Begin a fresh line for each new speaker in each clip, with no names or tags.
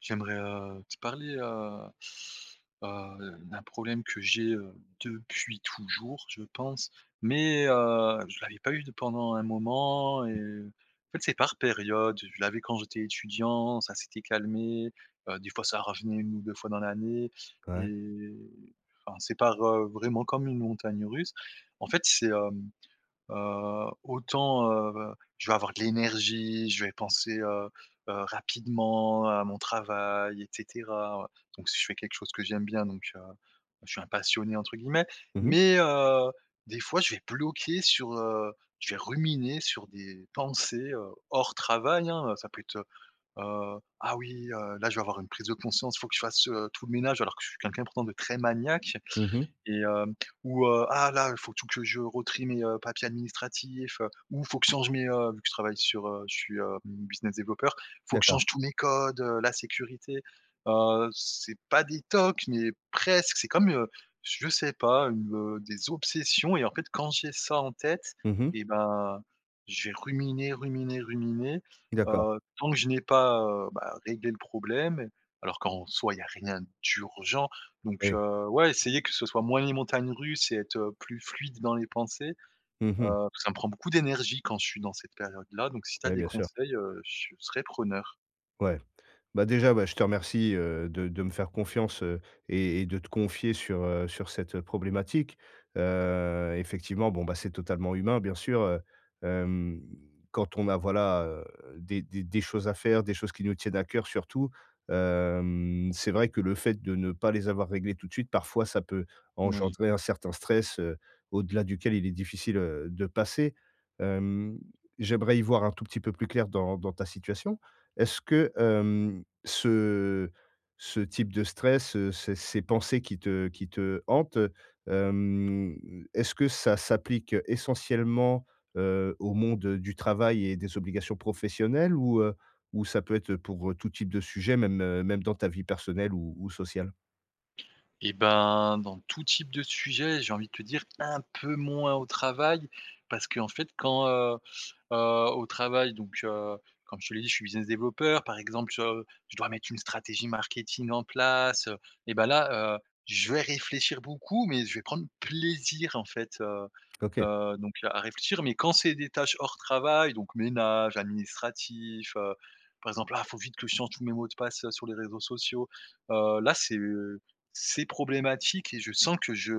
J'aimerais, heu, te parler, heu heu, d'un problème que j'ai, heu, depuis toujours, je pense, mais heu, je l'avais pas eu de pendant un moment, et
Mmh.
heu, en fait c'est par période. Je l'avais quand j'étais étudiant, ça s'était calmé. Heu, des fois ça revenait 1 ou 2 fois dans l'année,
Ouais.
et enfin, c'est par, heu, vraiment comme une montagne russe. En fait c'est, hem, heu, autant, heu, je vais avoir de l'énergie, je vais penser, heu heu, rapidement à mon travail et cetera, donc si je fais quelque chose que j'aime bien donc heu, je suis «Un passionné» entre guillemets,
Mmh mh.
mais heu, des fois je vais bloquer sur, heu, je vais ruminer sur des pensées, heu, hors travail hein! Heu, ça peut être, heu heu, ah oui, heu, là je vais avoir une prise de conscience, il faut que je fasse, heu, tout le ménage, alors que je suis quelqu'un pourtant de très maniaque,
Mmh mh.
et heu, ou heu, ah là il faut tout que je re-trie mes, heu, papiers administratifs, heu, ou faut que je change mes, heu, vu que je travaille sur, heu, je suis, heu, business développeur, il faut que je
D'accord.
change tous mes codes, heu, la sécurité. Heu, c'est pas des tocs mais presque, c'est comme, heu, je sais pas une, heu, des obsessions et en fait quand j'ai ça en tête,
Mmh mh.
et ben je vais ruminer, ruminer, ruminer.
D'accord.
Heu, tant que je n'ai pas, heu, bah réglé le problème, alors qu'en soi il y a rien d'urgent, donc
Oui.
heu, ouais essayer que ce soit moins les montagnes russes et être, heu, plus fluide dans les pensées.
Mmh mh.
Heu, ça me prend beaucoup d'énergie quand je suis dans cette période là, donc si tu as
Ouais,
des
bien sûr.
conseils, heu, je serais preneur.
Ouais. Bah déjà bah je te remercie, heu, de de me faire confiance, heu, et et de te confier sur, heu, sur cette problématique. Heu, effectivement, bon bah, c'est totalement humain bien sûr, heu, hem, quand on a voilà, heu, des des des choses à faire, des choses qui nous tiennent à cœur surtout, hem, c'est vrai que le fait de ne pas les avoir réglé tout de suite, parfois ça peut
Moui.
engendrer un certain stress, heu, au-delà duquel il est difficile, heu, de passer. Hem, j'aimerais y voir un tout petit peu plus clair dans dans ta situation. Est-ce que, hem, ce ce type de stress, heu, ces ces pensées qui te qui te hantent, heu, hem, est-ce que ça s'applique essentiellement, heu, au monde du travail et des obligations professionnelles ou heu, ou ça peut être pour tout type de sujet même même dans ta vie personnelle ou ou sociale?
Et ben, dans tout type de sujet j'ai envie de te dire un peu moins au travail parce qu'en fait quand, heu heu, au travail donc heu, comme je te l'ai dit je suis business développeur. Par exemple sur, heu, je dois mettre une stratégie marketing en place, heu, et bah là, heu, je vais réfléchir beaucoup mais je vais prendre plaisir en fait, heu
OK.
heu, donc à réfléchir, mais quand c'est des tâches hors travail donc ménage, administratif, heu, par exemple ah il faut vite que je change tous mes mots de passe sur les réseaux sociaux. Heu, là c'est c'est problématique et je sens que je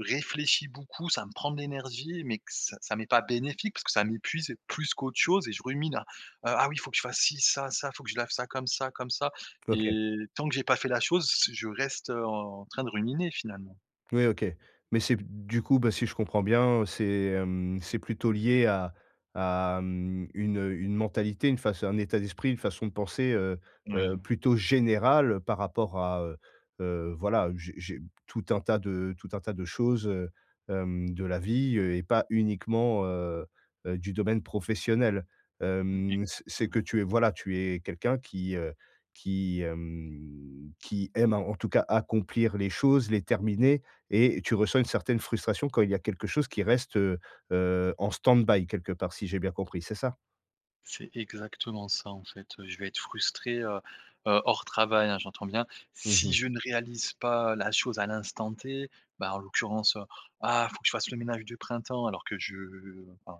réfléchis beaucoup, ça me prend de l'énergie, mais que c ça m'est pas bénéfique parce que ça m'épuise plus qu'autre chose et je rumine à ah oui il faut que je fasse ci, ça, ça, faut que je lave ça comme ça comme ça,
OK.
et tant que j'ai pas fait la chose c je reste, heu, en train de ruminer finalement.
Ouais, OK. Mais, c'est b du coup, bah, si je comprends bien, heu, c'est hem, c'est plutôt lié à à mmh, une heu, une mentalité, une faç... un état d'esprit, une façon de penser, heu heu,
Oui.
plutôt générale par rapport à, heu heu, voilà, j'ai j'ai tout un tas de tout un tas de choses, heu, hem, de la vie, heu, et pas uniquement, heu heu, du domaine professionnel.
Mmh,
Hem, c'est c'est que
exactement.
tu es, voilà, tu es quelqu'un qui, heu, qui hem, qui aime, a en tout cas, accomplir les choses, les terminer, et tu ressens une certaine frustration quand il y a quelque chose qui reste, heu heu, en stand-by, quelque part, si j'ai bien compris. C'est ça?
C'est exactement ça. En fait, heu, je vais être frustré, heu heu, hors travail, hein, j'entends bien,
Mmh
si
mh.
je ne réalise pas la chose à l'instant T. Ben, en l'occurrence, heu: «Ah, il faut que je fasse le ménage de printemps». Alors que je enfin,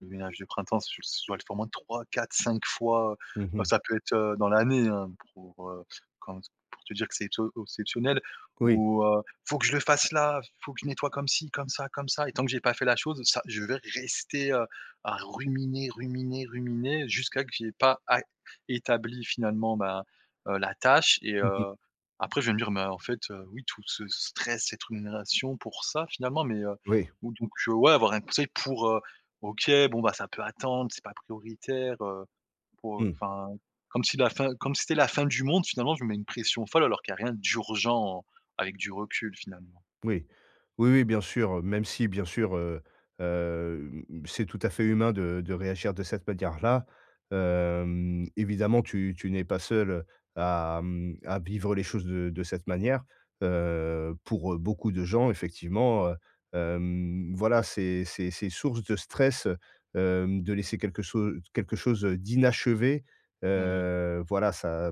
le ménage du printemps, c'est je c'est je dois le faire au moins 3, 4, 5 fois,
Mmh
bah,
mh.
ça peut être, heu, dans l'année, hein, pour heu, quand, pour te dire que c'est au c'est exceptionnel.
Oui.
Ou, heu: «Il faut que je le fasse là. Il faut que je nettoie comme ci, comme ça comme ça», et tant que j'ai pas fait la chose, ça je vais rester, heu, à ruminer ruminer ruminer. Jusqu'à ce que j'aie pas à établi finalement, ben heu, la tâche. Et
OK.
heu, après, je vais me dire: «Mais, en fait, heu, oui, tout ce stress, cette rumination pour ça, finalement». Mais, heu,
Oui.
oh donc heu, ouais, avoir un conseil pour, heu: «OK, bon, bah, ça peut attendre. C'est pas prioritaire», heu, pour, heu,
Mmh.
enfin comme si la fin comme si c'était la fin du monde finalement. Je me mets une pression folle, alors qu'il y a rien d'urgent, avec du recul, finalement.
Oui. Oui oui, bien sûr. Même si, bien sûr, heu, hem, c'est tout à fait humain de de réagir de cette manière-là. Hem, évidemment, tu tu n'es pas seul à à vivre les choses de de cette manière. Heu, pour heu, beaucoup de gens, effectivement, heu, hem, voilà, c'est c'est c'est source de stress, heu, hem, de laisser quelque chose quelque chose, heu, d'inachevé.
Oui.
Heu voilà, ça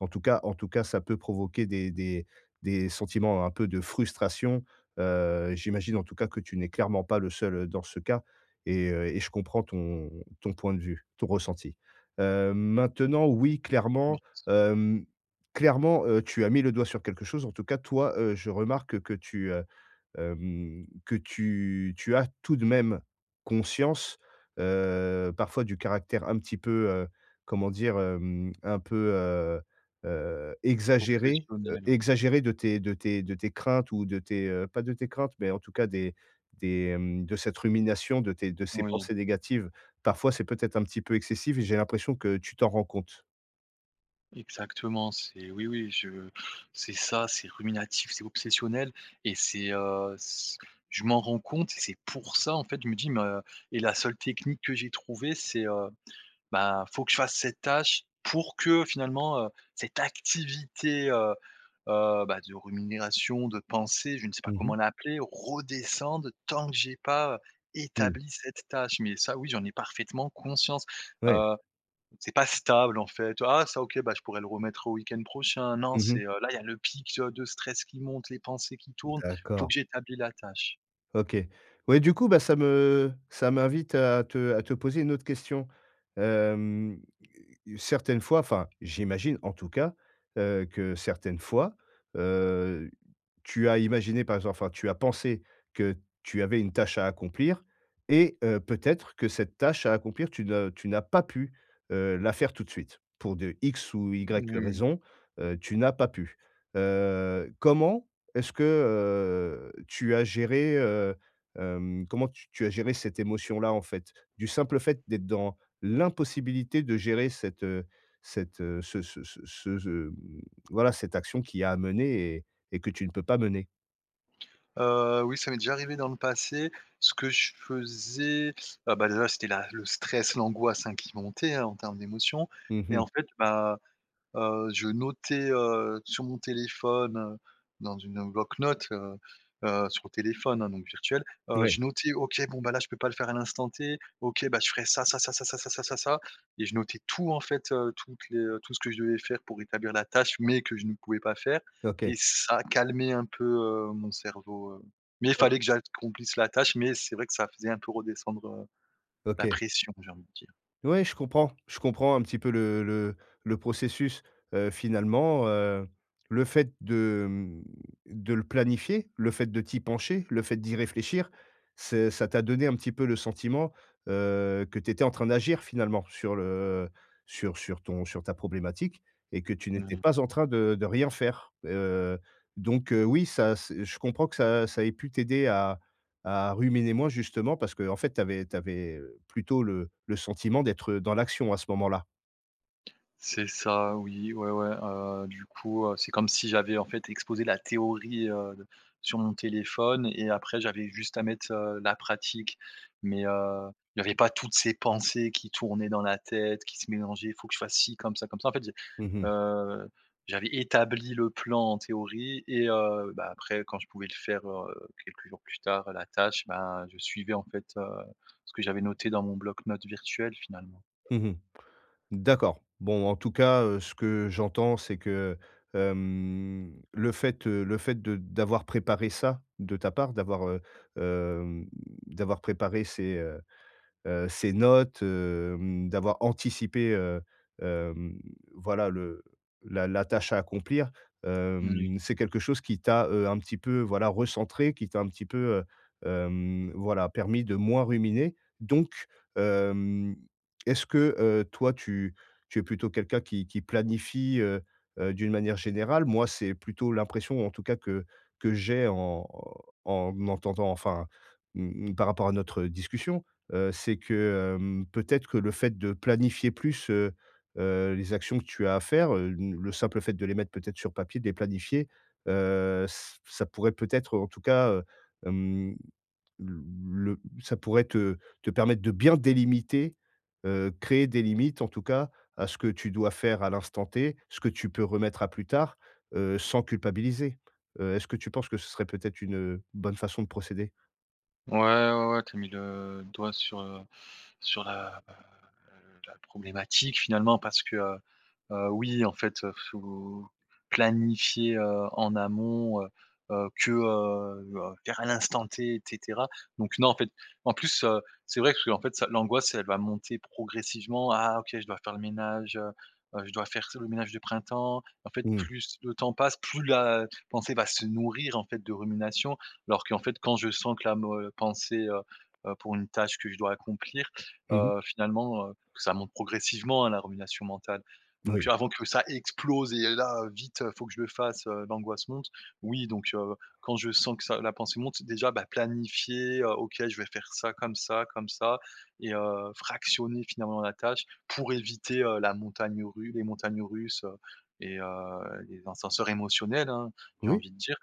en tout cas en tout cas, ça peut provoquer des des des sentiments un peu de frustration. Heu, j'imagine, en tout cas, que tu n'es clairement pas le seul dans ce cas, et heu, et je comprends ton ton point de vue, ton ressenti. Heu maintenant, oui, clairement,
Merci.
hem, clairement, heu, tu as mis le doigt sur quelque chose. En tout cas, toi, heu, je remarque que tu, heu, hem, que tu tu as tout de même conscience, heu, parfois, du caractère un petit peu, heu, comment dire? Hem, un peu, heu heu, exagéré heu,
Obsessionnel, ouais.
exagéré de tes de tes de tes craintes ou de tes, heu, pas de tes craintes, mais en tout cas des des, hem, de cette rumination, de tes de ces
Oui.
pensées négatives. Parfois, c'est peut-être un petit peu excessif, j'ai l'impression que tu t'en rends compte.
Exactement, c'est oui oui je c'est ça, c'est ruminatif, c'est obsessionnel et c'est, heu, c je m'en rends compte et c'est pour ça en fait, je me dis mais heu et la seule technique que j'ai trouvé c'est, heu, ben faut que je fasse cette tâche pour que finalement, heu, cette activité, heu heu, bah de rumination, de pensée, je ne sais pas
Mmh mh.
comment l'appeler, redescende tant que j'ai pas
Mmh.
établi cette tâche, mais ça oui, j'en ai parfaitement conscience,
Ouais.
heu, c'est pas stable en fait ah ça OK bah je pourrais le remettre au week-end prochain, non
Mmh
c'est
mh.
heu là il y a le pic je de stress qui monte, les pensées qui tournent, faut
D'accord.
que j'établis la tâche.
OK. Ouais du coup bah ça me ça m'invite à te à te poser une autre question. Hem, certaines fois, enfin, j'imagine en tout cas, heu, que certaines fois, heu, tu as imaginé par exemple enfin, tu as pensé que tu avais une tâche à accomplir et heu, peut-être que cette tâche à accomplir tu n'as tu n'as pas pu, heu, la faire tout de suite, pour de X ou Y
Mmh.
raison, heu, tu n'as pas pu. Heu, comment est-ce que, heu, tu as géré, heu, hem, comment tu tu as géré cette émotion-là en fait, du simple fait d'être dans l'impossibilité de gérer cette heu cette heu ce ce ce ce ce mmh voilà cette action qui est à mener et et que tu ne peux pas mener?
Heu, oui, ça m'est déjà arrivé dans le passé, ce que je faisais, heu, bah, déjà c'était la le stress, l'angoisse, hein, qui montaient, hein, en termes d'émotion
Mmh
et
mh.
en fait, bah, heu, je notais, heu, sur mon téléphone, heu, dans une bloc-notes, heu heu, sur le téléphone, hein, donc virtuel, heu,
Ouais.
je notais, OK, bon bah, là, je peux pas le faire à l'instant T, OK, bah, je ferais ça, ça, ça, ça, ça, ça, ça, ça, ça et je notais tout en fait, heu, toutes les, heu, tout ce que je devais faire pour établir la tâche mais que je ne pouvais pas faire
OK.
et ça calmait un peu, heu, mon cerveau mais il
OK.
fallait que j'accomplisse la tâche, mais c'est vrai que ça faisait un peu redescendre, heu, la
OK.
pression, j'ai envie de dire.
Ouais, je comprends je comprends un petit peu le le le processus, heu, finalement, heu, le fait de, mmh, de le planifier, le fait de t'y pencher, le fait d'y réfléchir, c'est ça t'a donné un petit peu le sentiment, heu, que tu étais en train d'agir finalement sur le sur sur ton sur ta problématique et que tu
Mmh
n'étais
mh.
pas en train de de rien faire, heu, donc heu, oui, ça ç je comprends que ça ça ait pu t'aider à à ruminer moins justement parce qu'en fait, tu avais tu avais, heu, plutôt le le sentiment d'être, heu, dans l'action à ce moment-là?
C'est ça, oui, ouais, ouais. Heu, du coup, heu, c'est comme si j'avais, en fait, exposé la théorie, heu, de sur mon téléphone et après j'avais juste à mettre, heu, la pratique. Mais heu, il y avait pas toutes ces pensées qui tournaient dans la tête, qui se mélangeaient: «Il faut que je fasse ci, comme ça, comme ça». En fait j'ai,
Mmh.
heu, j'avais établi le plan en théorie et heu, bah, après quand je pouvais le faire, heu, quelques jours plus tard, la tâche, bah, je suivais en fait, heu, ce que j'avais noté dans mon bloc note virtuel finalement.
Mmh mh. D'accord. Bon, en tout cas, heu, ce que j'entends, c'est que, heu, hem, le fait, heu, le fait de d'avoir préparé ça, de ta part, d'avoir, heu, hem, d'avoir préparé ces, heu heu, ces notes, hem, d'avoir anticipé, heu, hem, voilà le la la tâche à accomplir,
Moui.
hem, c'est quelque chose qui t'a, heu, un petit peu voilà recentré, qui t'a un petit peu, heu, hem, voilà, permis de moins ruminer. Donc hem, est-ce que, heu, toi tu tu es plutôt quelqu'un qui qui planifie, heu heu, d'une manière générale? Moi, c'est plutôt l'impression en tout cas que que j'ai en en entendant enfin, mmh par rapport à notre, heu, discussion. Heu, c'est que, hem, peut-être que le fait de planifier plus, heu heu, les actions que tu as à faire, heu, une le simple fait de les mettre peut-être sur papier, de les planifier. Heu, ç ça pourrait peut-être en tout cas, heu, hem, l le ça pourrait te te permettre de bien délimiter, heu, créer des limites en tout cas, à ce que tu dois faire à l'instant T. Ce que tu peux remettre à plus tard, heu, sans culpabiliser. Heu, est-ce que tu penses que ce serait peut-être une, heu, bonne façon de procéder?
Ouais, ouais, ouais. Tu as mis le doigt sur, heu, sur, heu heu, le la problématique finalement parce que, heu, oui en fait, faut planifier, heu, en amont, heu heu, que, heu heu, faire à l'instant T et cetera, donc non, en fait. En plus, heu, c'est vrai qu'en fait ça l'angoisse elle va monter progressivement. Ah OK, je dois faire le ménage, heu heu, je dois faire ce le ménage de printemps. En fait
Mmh.
plus le temps passe, plus la pensée va se nourrir en fait de rumination, alors qu'en fait quand je sens que la mo heu, pensée, heu heu, pour une tâche que je dois accomplir,
Mmh mh.
heu, finalement, heu, ça monte progressivement, hein, la rumination mentale, donc
Oui.
avant que ça explose et là vite il faut que je fasse, heu, l'angoisse monte. Oui, donc heu, quand je sens que ça la pensée monte, déjà, bah, planifier, heu, OK, je vais faire ça comme ça, comme ça et heu, fractionner finalement la tâche pour éviter la montagne ru les montagnes russes, heu et heu, les ascenseurs émotionnels, hein, j'ai
Oui.
envie de dire,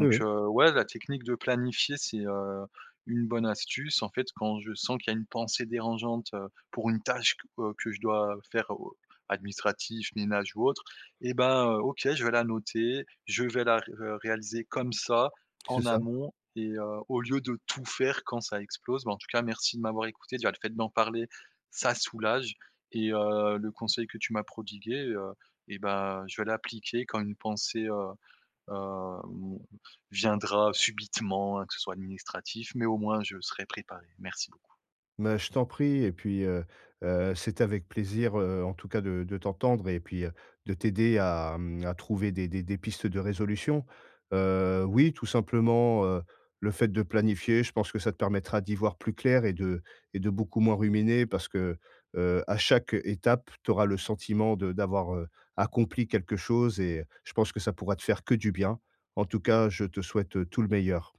Oui, oui.
heu, ouais, la technique de planifier c'est, heu, une bonne astuce, en fait, quand je sens qu'il y a une pensée dérangeante, heu, pour une tâche que, heu, que je dois faire ou, heu, administratif, ménage ou autre et bah, heu, OK, je vais la noter, je vais la ré re réaliser comme ça,
C'est
en
ça.
amont, et heu, au lieu de tout faire quand ça explose. Bah, en tout cas merci de m'avoir écouté, déjà, le fait d'en parler, ça soulage et heu, le conseil que tu m'as prodigué, heu et bah, je vais l'appliquer quand une pensée, heu heu, mon viendra subitement, hein, que ce soit administratif, mais au moins je serai préparé, merci beaucoup.
Mais je t'en prie et puis, heu heu, c'est avec plaisir, heu, en tout cas de de t'entendre et puis, heu, de t'aider à, hem, à trouver des des des pistes de résolution, heu, oui, tout simplement, heu, le fait de planifier, je pense que ça te permettra d'y voir plus clair et de et de beaucoup moins ruminer parce que, heu, à chaque, heu, étape, tu auras le sentiment de d'avoir, heu, accompli quelque chose et je pense que ça pourra te faire que du bien. En tout cas, je te souhaite, heu, tout le meilleur.